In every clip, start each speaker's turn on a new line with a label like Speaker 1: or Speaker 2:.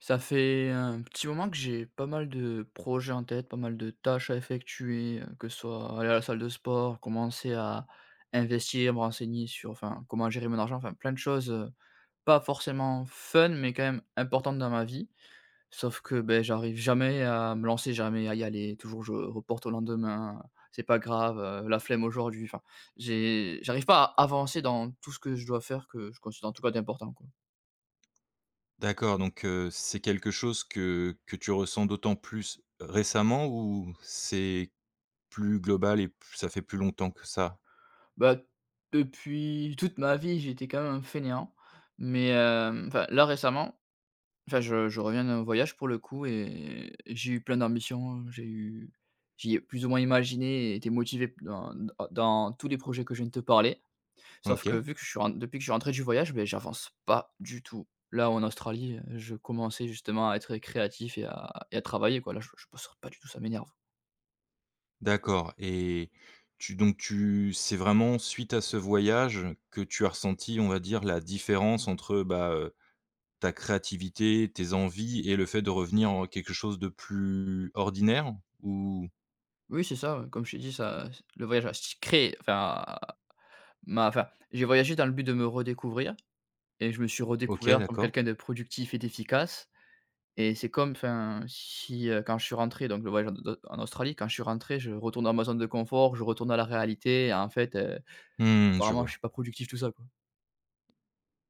Speaker 1: Ça fait un petit moment que j'ai pas mal de projets en tête, pas mal de tâches à effectuer, heu, que ce soit aller à la salle de sport, commencer à investir, à me renseigner sur enfin, comment gérer mon argent. Enfin, plein de choses, heu, pas forcément fun mais quand même importantes dans ma vie. Sauf que, beh, j'arrive jamais à me lancer, jamais à y aller, toujours je reporte au lendemain: «C'est pas grave, heu, la flemme aujourd'hui» enfin, j'ai j'arrive pas à avancer dans tout ce que je dois faire que je considère, en tout cas, d'important, quoi.
Speaker 2: D'accord donc, heu, c'est quelque chose que que tu ressens d'autant plus récemment ou c'est plus global et p ça fait plus longtemps que ça?
Speaker 1: Bah, depuis toute ma vie, j'ai été quand même un fainéant, mais, hem, enfin là, récemment enfin je je reviens d'un voyage pour le coup et et j'ai eu plein d'ambitions, j'ai eu j'y ai plus ou moins imaginé et été motivé p dans hein d dans tous les projets que je viens de te parler. Sauf que
Speaker 2: OK.
Speaker 1: vu que je suis en depuis que je suis rentré du voyage, ben j'avance pas du tout. Là où en Australie, heu, je commençais justement à être, heu, créatif et à et à travailler quoi, là, je je bosse sur pas du tout, ça m'énerve.
Speaker 2: D'accord. Et tu donc tu, c'est vraiment suite à ce voyage que tu as ressenti, on va dire, la différence entre, bah, heu, ta créativité, tes envies et le fait de revenir en quelque chose de plus ordinaire? Ou?
Speaker 1: Oui, c'est ça, ouais. Comme je t'ai dit ça le voyage a s créé enfin, m'a enfin, j'ai voyagé dans le but de me redécouvrir. Et je me suis
Speaker 2: OK.
Speaker 1: redécouvert comme
Speaker 2: D'accord.
Speaker 1: quelqu'un de productif et d'efficace. Et c'est comme, enfin, si, heu quand je suis rentré donc le voyage en de en Australie, quand je suis rentré, je retourne dans ma zone de confort, je retourne à la réalité et en fait, heu,
Speaker 2: Mmh. Je
Speaker 1: apparemment, je
Speaker 2: vois.
Speaker 1: suis pas productif tout ça, quoi.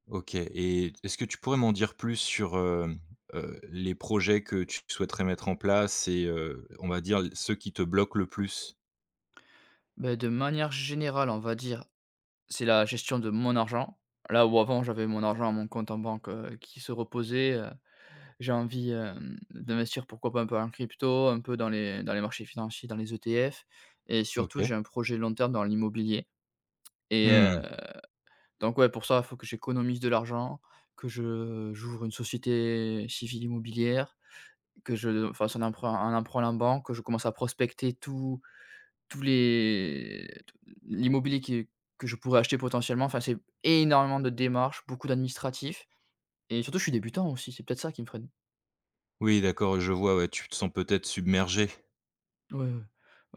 Speaker 2: OK. Et, est-ce que tu pourrais m'en dire plus sur, hem, heu, les projets que tu souhaiterais mettre en place et heu, on va dire, l ceux qui te bloquent le plus?
Speaker 1: Bah, de manière générale, on va dire, c'est la gestion de mon argent. Là, où avant, j'avais mon argent à mon compte en banque, heu, qui se reposait heu, j'ai envie, hem, d'investir pourquoi pas un peu en crypto, un peu dans les dans les marchés financiers, dans les ETF. Et surtout, j'ai
Speaker 2: OK.
Speaker 1: un projet long terme dans l'immobilier. Et
Speaker 2: Mmh
Speaker 1: heu,
Speaker 2: mh.
Speaker 1: donc, ouais, pour ça, faut que j'économise de l'argent, que je j'ouvre une société civile immobilière, que je fasse un emprunt un emprunt à la banque, que je commence à prospecter tous tous les t l'immobilier qui que je pourrais acheter potentiellement. Enfin, c'est énormément de démarches, beaucoup d'administratif et surtout je suis débutant aussi, c'est peut-être ça qui me freine.
Speaker 2: Oui, d'accord, oui je vois, ouais, tu te sens peut-être submergé?
Speaker 1: Ouais, ouais,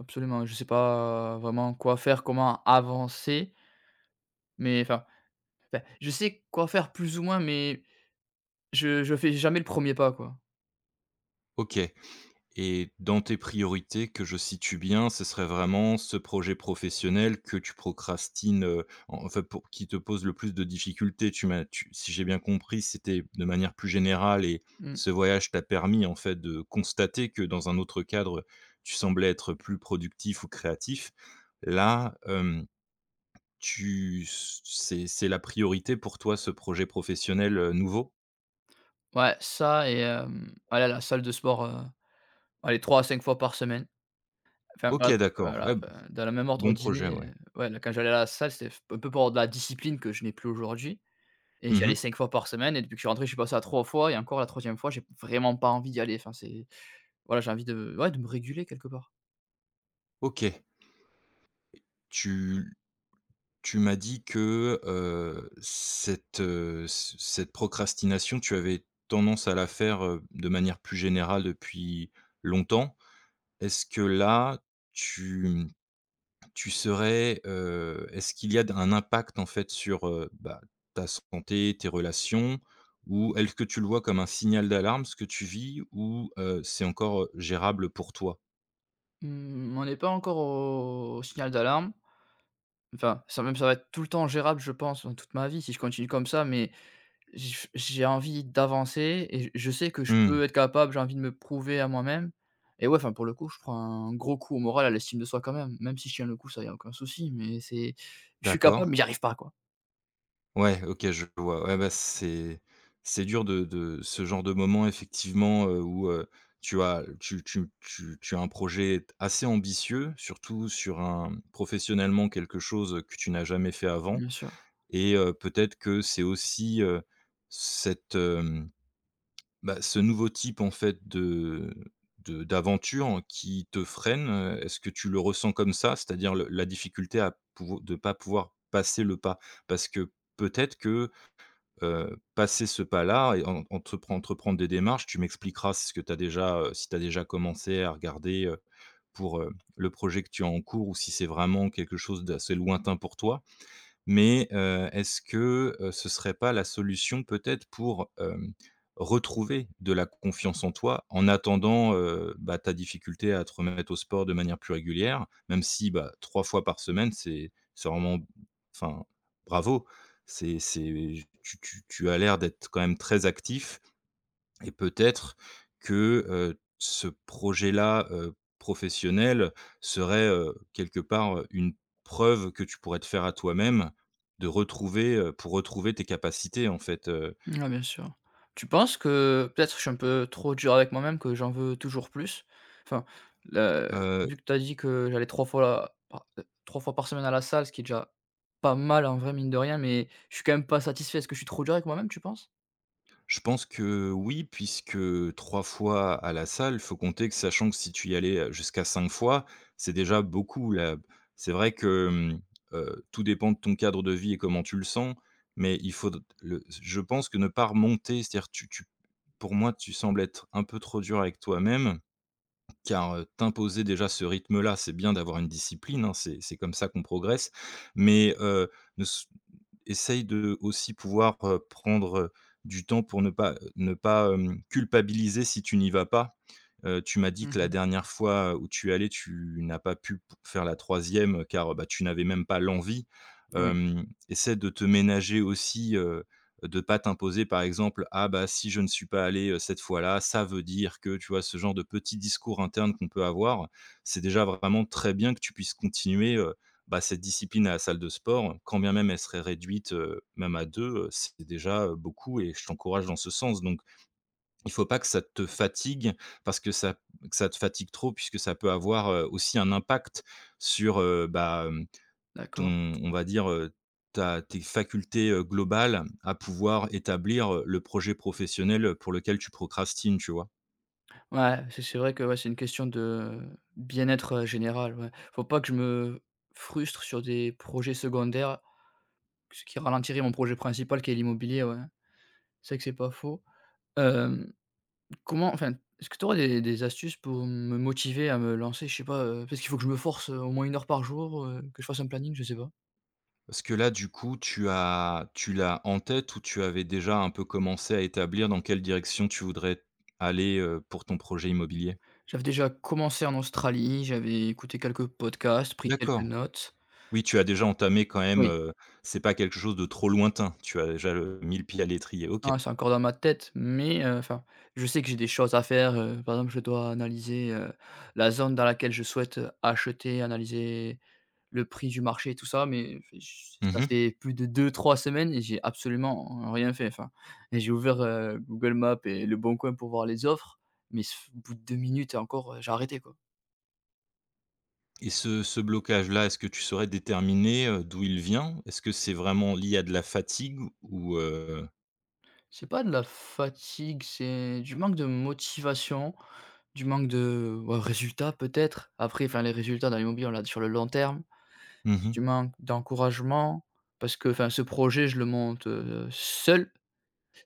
Speaker 1: absolument, je sais pas vraiment quoi faire, comment avancer. Mais, enfin enfin, je sais quoi faire plus ou moins, mais je je fais jamais le 1er pas, quoi.
Speaker 2: OK. Et dans tes priorités, que je situe bien, ce serait vraiment ce projet professionnel que tu procrastines, heu, enfin, pou qui te pose le plus de difficultés, tu m'as tu si j'ai bien compris, c'était de manière plus générale et
Speaker 1: Mmh.
Speaker 2: ce voyage t'a permis, en fait, de constater que, dans un autre cadre, heu, tu semblais être plus productif ou créatif. Là, hem, tu c c'est c'est la priorité pour toi, ce projet professionnel, heu, nouveau?
Speaker 1: Ouais, ça et hem, aller la salle de sport, heu, allez 3 à 5 fois par semaine. Enfin,
Speaker 2: OK,
Speaker 1: va
Speaker 2: d'accord, ouais,
Speaker 1: voilà,
Speaker 2: b
Speaker 1: enfin, dans la même ordre
Speaker 2: bon projet,
Speaker 1: d'idée,
Speaker 2: ouais.
Speaker 1: heu. Ouais, quand j'allais à la salle, c'était f un peu pour de la discipline que je n'ai plus aujourd'hui. Et j'y
Speaker 2: Mmh
Speaker 1: allais
Speaker 2: mh.
Speaker 1: 5 fois par semaine et depuis que je suis rentré, je suis passé à 3 fois, et encore, la 3e fois, j'ai vraiment pas envie d'y aller. Enfin, c'est voilà, j'ai envie de, ouais, de me réguler, quelque part.
Speaker 2: OK. Tu tu m'as dit que, heu, cette, heu, ce cette procrastination, tu avais tendance à la faire, heu, de manière plus générale depuis longtemps. Est-ce que là, tu mmh, tu serais, heu, est-ce qu'il y a d un impact en fait sur, heu, bah ta santé, tes relations? Ou est-ce que tu le vois comme un signal d'alarme ce que tu vis? Ou heu, c'est encore, heu, gérable pour toi?
Speaker 1: Mmh. On est pas encore au signal d'alarme. Enfin, ça même ça va être tout le temps gérable, je pense dans toute ma vie si je continue comme ça mais, j f j'ai envie d'avancer, et j je sais que je peux
Speaker 2: Mmh.
Speaker 1: être capable, j'ai envie de me prouver à moi-même, et ouais, enfin pour le coup, je prends un gros coup au moral, à l'estime de soi quand même. Même si je tiens le coup, ça, il y a aucun souci, mais c'est je suis
Speaker 2: D'accord.
Speaker 1: capable, mais j'y arrive pas quoi.
Speaker 2: Ouais, OK, je vois. Ouais bah c c'est c'est dur de de ce genre de moment effectivement, heu, où, heu, tu as tu tu tu tu as un projet assez ambitieux, surtout sur un professionnellement quelque chose, heu, que tu n'as jamais fait avant,
Speaker 1: Bien sûr.
Speaker 2: et heu, peut-être que c'est aussi, heu, cette, hem, bah ce nouveau type en fait de de d'aventure qui te freine. Heu, est-ce que tu le ressens comme ça? C'est-à-dire le la difficulté à pouv de pas pouvoir passer le pas. Parce que peut-être que, heu, passer ce pas là et en entrepren entreprendre des démarches, tu m'expliqueras si ce que tu as déjà, heu, si tu as déjà commencé à regarder, heu, pour, heu, le projet que tu as en cours ou si c'est vraiment quelque chose d'assez lointain pour toi, mais heu, est-ce que, heu, ce serait pas la solution peut-être pour, hem, retrouver de la confiance en toi? En attendant, heu, bah, ta difficulté à te remettre au sport de manière plus régulière. Même si bah, 3 fois par semaine, c'est c'est vraiment enfin, bravo. C'est c'est tu tu tu as l'air d'être quand même très actif, et peut-être que, heu, ce projet là, heu, professionnel serait, heu, quelque part, heu, une preuve que tu pourrais te faire à toi-même, de retrouver, heu, pour retrouver tes capacités en fait, heu
Speaker 1: Ah bien sûr. Tu penses que peut-être que je suis un peu trop dur avec moi-même, que j'en veux toujours plus? Enfin, là, heu,
Speaker 2: Heu heu heu
Speaker 1: vu que tu as dit que j'allais 3 fois pa heu, 3 fois par semaine à la salle, ce qui est déjà pas mal en vrai, mine de rien, mais je suis quand même pas satisfait. Est-ce que je suis trop dur avec moi-même, tu penses?
Speaker 2: Je pense que, heu, oui, puisque 3 fois à la salle, il faut compter que, sachant que si tu y allais, heu, jusqu'à 5 fois, c'est déjà beaucoup, heu, b c'est vrai que, hem, heu, tout dépend de ton cadre de vie et comment tu le sens, mais il faut d d le s je pense que ne pas remonter, c'est-à-dire tu tu, pour moi, tu sembles être un peu trop dur avec toi-même. Car, heu, t'imposer déjà ce rythme-là, c'est bien d'avoir une discipline, hein, c'est c'est comme ça qu'on progresse, mais, heu, ne s essaie de, aussi, pouvoir, heu, prendre, heu, du temps pour ne pas, heu, ne pas, hem, culpabiliser si tu n'y vas pas. Heu, tu m'as dit
Speaker 1: Mmh
Speaker 2: que la
Speaker 1: mh.
Speaker 2: dernière fois où tu es allé, tu n'as pas pu p faire la 3e car, heu, bah, tu n'avais même pas l'envie.
Speaker 1: Oui.
Speaker 2: Hem, essaie de te ménager aussi, heu, de pas t'imposer, par exemple: «Ah bah, si je ne suis pas allé, heu, cette fois-là, ça veut dire que», tu vois? Ce genre de petit discours interne qu'on peut avoir, c'est déjà vraiment très bien que tu puisses continuer, heu, bah, cette discipline à la salle de sport, quand bien même elle serait réduite, heu, même à 2, heu, c'est déjà, heu, beaucoup et je t'encourage dans ce sens. Donc, il faut pas que ça te fatigue, parce que ça que ça te fatigue trop, puisque ça peut avoir, heu, aussi un impact sur, heu, bah, hem,
Speaker 1: D'accord.
Speaker 2: ton on va dire, heu, ta tes facultés, heu, globales à pouvoir établir, heu, le projet professionnel, heu, pour lequel tu procrastines, tu vois?
Speaker 1: Ouais, si, c'est vrai que, ouais, c'est une question de, bien-être, heu, général, ouais, faut pas que je me frustre sur des projets secondaires. Ce qui ralentirait mon projet principal qui est l'immobilier, ouais. C'est vrai que c'est pas faux. Hem. Comment enfin, est-ce que tu aurais des des astuces pour me motiver à me lancer, je sais pas, heu, parce qu'il faut que je me force, heu, au moins 1 heure par jour, heu, que je fasse un planning, je sais pas?
Speaker 2: Parce que là, du coup tu as tu l'as en tête ou tu avais déjà un peu commencé à établir dans quelle direction tu voudrais aller, heu, pour ton projet immobilier?
Speaker 1: J'avais déjà commencé en Australie, j'avais écouté quelques podcasts, pris quelques
Speaker 2: D'accord.
Speaker 1: notes
Speaker 2: Oui, tu as déjà entamé quand même,
Speaker 1: Oui.
Speaker 2: heu c'est pas quelque chose de trop lointain? Tu as déjà, heu, mis le pied à l'étrier, OK.
Speaker 1: Non, c'est encore dans ma tête, mais, heu, enfin, je sais que j'ai des choses à faire, heu, par exemple, je dois analyser, heu, la zone dans laquelle je souhaite, heu, acheter, analyser le prix du marché et tout ça, mais fé ch
Speaker 2: Mmh
Speaker 1: ça
Speaker 2: mh.
Speaker 1: fait plus de 2-3 semaines et j'ai absolument rien fait enfin et j'ai ouvert, heu, Google Maps et Le Bon Coin pour voir les offres, mais s f au bout de 2 minutes et encore, heu, j'ai arrêté, quoi.
Speaker 2: Et ce ce blocage là, est-ce que tu saurais déterminer, heu, d'où il vient? Est-ce que c'est vraiment lié à de la fatigue ou heu
Speaker 1: C'est pas de la fatigue, c'est, du manque de motivation, du manque de bah résultat peut-être. Après, enfin, les résultats dans l'immobilier on l'a d sur le long terme.
Speaker 2: Mmh
Speaker 1: C'est
Speaker 2: mh.
Speaker 1: du manques d'encouragement parce que enfin, ce projet, je le monte, heu, seul.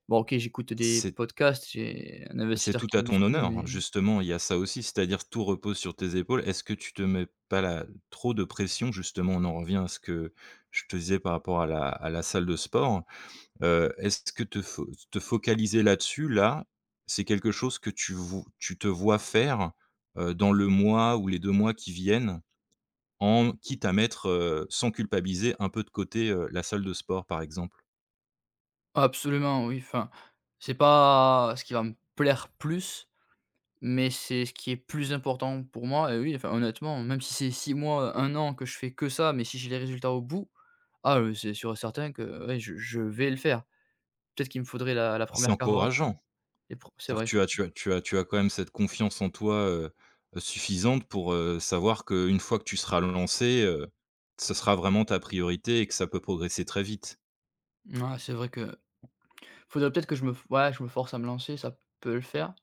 Speaker 1: Bon, OK, j'écoute des
Speaker 2: C'est
Speaker 1: podcasts, j'ai, un
Speaker 2: c'est
Speaker 1: investisseur
Speaker 2: tout
Speaker 1: qui
Speaker 2: à
Speaker 1: me suit,
Speaker 2: ton honneur hein,
Speaker 1: mais
Speaker 2: justement, il y a ça aussi. C'est-à-dire, tout repose sur tes épaules. Est-ce que tu te mets pas la trop de pression? Justement, on en revient à ce que, je te disais par rapport à la à la salle de sport. Heu, est-ce t que te fo te focaliser là-dessus là, c'est quelque chose que tu vou tu te vois faire, heu, dans le mois ou les 2 mois qui viennent? En quitte à mettre, heu, sans culpabiliser, un peu de côté, heu, la salle de sport par exemple?
Speaker 1: Absolument oui, enfin c'est pas ce qui va me plaire plus, mais c'est ce qui est plus important pour moi, et oui, enfin, honnêtement, même si c'est 6 mois, 1 an que je fais que ça, mais si j'ai les résultats au bout. Ah, heu, c'est sûr certain que ouais, je je vais le faire. Peut-être qu'il me faudrait la la
Speaker 2: C'est
Speaker 1: 1re carotte.
Speaker 2: encourageant.
Speaker 1: Et pour c'est
Speaker 2: C'est à dire
Speaker 1: vrai
Speaker 2: tu
Speaker 1: se
Speaker 2: as tu as tu as tu as quand même cette confiance en toi, heu heu, suffisante pour, heu, savoir qu'une fois que tu seras lancé, heu, ce sera vraiment ta priorité et que ça peut progresser très vite.
Speaker 1: M ah, c'est vrai que faudrait peut-être que je me f ouais! Je me force à me lancer, ça p peut le faire.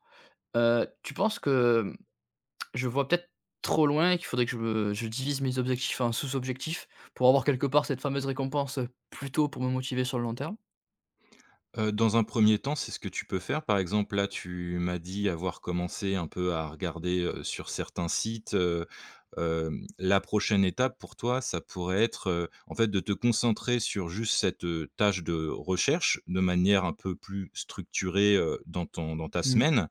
Speaker 1: Heu, tu penses que, hem, je vois peut-être trop loin et qu'il faudrait que je me je divise mes objectifs en sous-objectifs, pour avoir, quelque part, cette fameuse récompense, heu, plus tôt pour me motiver sur le long terme?
Speaker 2: Heu, dans un 1er temps, c'est ce que tu peux faire. Par exemple, là, tu m'as dit avoir commencé un peu à regarder, heu, sur certains sites, heu, hem, la prochaine étape pour toi, ça pourrait être, heu, en fait, de te concentrer sur juste cette, heu, tâche de recherche, de manière un peu plus structurée, heu, dans ton dans ta
Speaker 1: Mmh.
Speaker 2: semaine,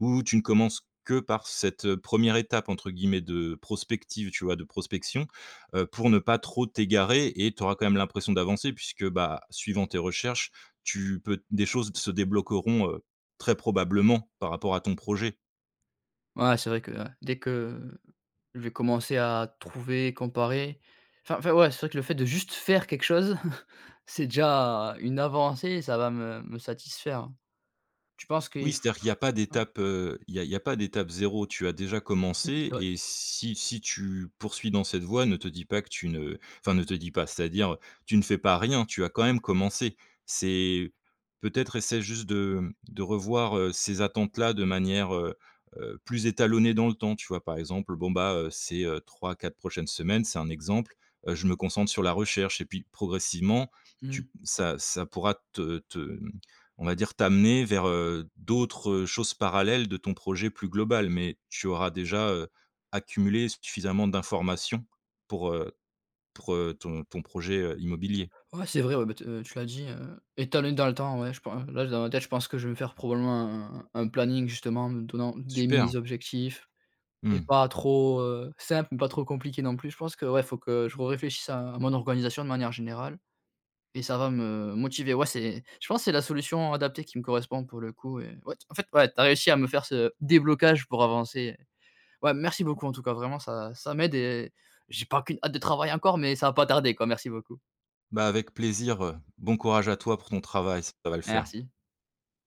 Speaker 2: où tu ne commences que par cette 1re étape entre guillemets, de prospective, tu vois, de prospection, heu, pour ne pas trop t'égarer et tu auras quand même l'impression d'avancer puisque, bah, suivant tes recherches, tu peux des choses se débloqueront, heu, très probablement, par rapport à ton projet.
Speaker 1: Ouais, c'est vrai que, heu, dès que je vais commencer à trouver et comparer enfin enfin ouais, c'est vrai que le fait de juste faire quelque chose, c'est déjà une avancée et ça va me me satisfaire. Tu penses
Speaker 2: Oui,
Speaker 1: qu'il f
Speaker 2: c'est-à-dire qu'il y
Speaker 1: f
Speaker 2: a pas
Speaker 1: [unintelligible]
Speaker 2: d'étape, heu, il y a il y a pas d'étape 0, tu as déjà
Speaker 1: Mmh, c'est
Speaker 2: commencé
Speaker 1: vrai.
Speaker 2: et si si tu poursuis dans cette voie, ne te dis pas que tu ne enfin, ne te dis pas c'est-à-dire, tu ne fais pas rien, tu as quand même commencé. C'est peut-être essaie juste de, hem, de revoir, heu, ces attentes-là de manière, heu heu, plus étalonné dans le temps. Tu vois, par exemple, bon, bah, heu, ces 3-4 prochaines semaines, c'est un exemple, heu, je me concentre sur la recherche et puis progressivement tu p
Speaker 1: Mmh.
Speaker 2: ça ça pourra te te, hem, on va dire, t'amener vers, heu, d'autres choses parallèles de ton projet plus global, mais tu auras déjà, heu, accumulé suffisamment d'informations pour, heu pour, heu, ton ton projet, heu, immobilier.
Speaker 1: Ouais, c'est vrai, ouais bah, te heu, tu l'as dit, heu, étalonner dans le temps, ouais je pen là, dans ma tête, je pense que je vais faire probablement un un un planning, justement, en me donnant des
Speaker 2: Super!
Speaker 1: minis objectifs et
Speaker 2: Mmh.
Speaker 1: pas trop, heu, simples, mais pas trop compliqués non plus. Je pense que, ouais, il faut que je re-réfléchisse à mon organisation de manière générale et ça va me motiver, ouais, c'est je pense, c'est la solution adaptée qui me correspond, pour le coup, et ouais t en fait, ouais, tu as réussi à me faire ce déblocage pour avancer. Ouais, merci beaucoup en tout cas, vraiment ça ça m'aide et j'ai pas qu'une hâte de travailler encore, mais ça va pas tarder, quoi, merci beaucoup.
Speaker 2: Bah, avec plaisir, heu. Bon courage à toi pour ton travail, ça va le faire.
Speaker 1: Merci.